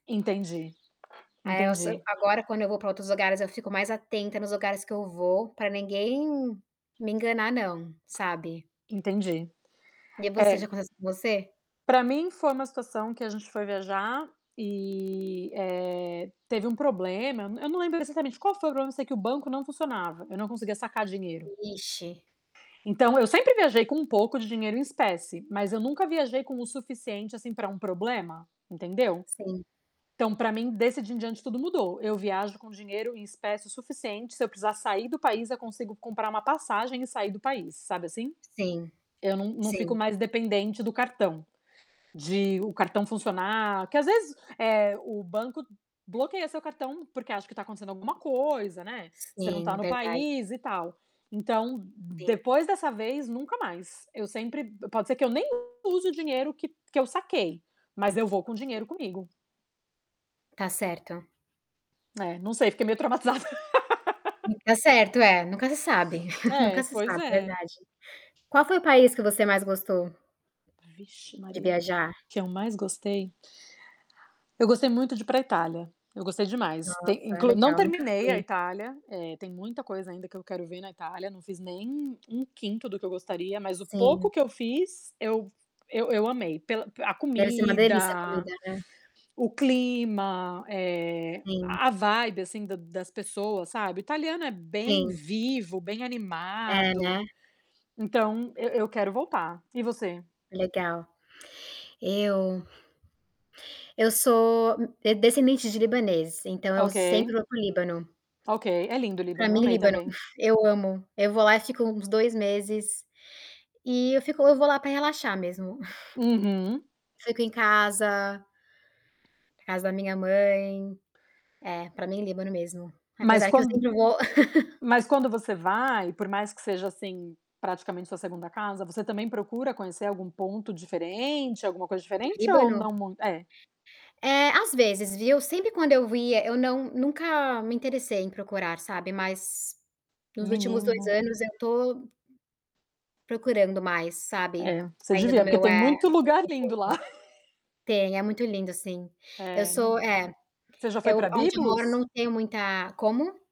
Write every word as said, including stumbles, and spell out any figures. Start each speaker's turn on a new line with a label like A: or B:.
A: Entendi,
B: Aí eu so
A: entendi.
B: agora quando eu vou pra outros lugares eu fico mais atenta nos lugares que eu vou, pra ninguém me enganar não, sabe?
A: Entendi.
B: E
A: É
B: você, já aconteceu com você?
A: pra mim foi uma situação que a gente foi viajar e, eh, teve um problema, eu nã eu não lembro exatamente qual foi o problema, eu sei que o banco não funcionava, eu não conseguia sacar dinheiro.
B: Vixe.
A: Então, eu sempre viajei com um pouco de dinheiro em espécie, mas eu nunca viajei com o suficiente, assim, pra um problema, entendeu.
B: Sim.
A: Então, pra mim desse dia em diante tudo mudou, eu viajo com dinheiro em espécie o suficiente, se eu precisar sair do país, eu consigo comprar uma passagem e sair do país, sabe, assim.
B: Sim,
A: Eu não não fico
B: sim.
A: mais dependente do cartão, de o cartão funcionar, que às vezes, eh, o banco bloqueia seu cartão, porque acha que tá acontecendo alguma coisa, né, você não
B: Sim,
A: tá no
B: verdade.
A: país e tal. Então,
B: Sim.
A: depois dessa vez, nunca mais, eu sempre pode ser que eu nem use o dinheiro que que eu saquei, mas eu vou com dinheiro comigo.
B: Tá certo.
A: É, não sei, fiquei meio traumatizada.
B: Tá certo, é, nunca se sabe
A: É,
B: nunca se
A: pois
B: sabe,
A: é.
B: verdade. Qual foi o país que você mais gostou
A: Vixe
B: de
A: Maria, o
B: viajar?
A: que eu mais gostei? Eu gostei muito de ir pra Itália, eu gostei demais. Tem
B: Nossa,
A: inclu não
B: legal, nunca
A: terminei a
B: fui.
A: Itália, eh, tem muita coisa ainda que eu quero ver na Itália, não fiz nem um quinto do que eu gostaria, mas o pouco
B: Sim.
A: que eu fiz, eu eu eu amei. Pela a
B: Deve ser uma delícia a
A: comida,
B: comida, né?
A: o clima, eh,
B: Sim.
A: a vibe assim da das pessoas, sabe. O italiano é bem
B: Sim.
A: vivo, bem
B: É, né?
A: animado, então eu eu quero voltar. E você?
B: Legal. Eu eu sou d descendente de libaneses, então, eu
A: Ok.
B: sempre vou para o Líbano.
A: Ok, é lindo o
B: Pra
A: Líbano, eu
B: mim,
A: amei
B: Líbano, fu
A: também.
B: eu amo. Eu vou lá e fico uns dois meses e eu fico eu vou lá pra relaxar mesmo.
A: Uhum.
B: Fico em casa casa da minha mãe É, pra mim Líbano mesmo,
A: Mas
B: apesar que eu
A: quan
B: sempre vou
A: mas quando você vai, por mais que seja, assim, praticamente sua segunda casa, você também procura conhecer algum ponto diferente, alguma coisa
B: Do
A: diferente ou não
B: Líbano?
A: muit é.
B: É, às vezes, viu, sempre quando eu ia eu não nunca me interessei em procurar, sabe, mas nos últimos dois
A: Menina.
B: anos eu tô procurando mais, sabe,
A: É, você
B: saindo do
A: devia, porque
B: meu,
A: tem
B: eh,
A: muito
B: meu
A: lugar lindo
B: conforto.
A: lá.
B: Tem, é muito lindo, sim. Eu
A: É, num
B: sou É,
A: você já foi
B: eu
A: pra
B: aonde eu moro
A: Byblos?
B: não tenho muita como?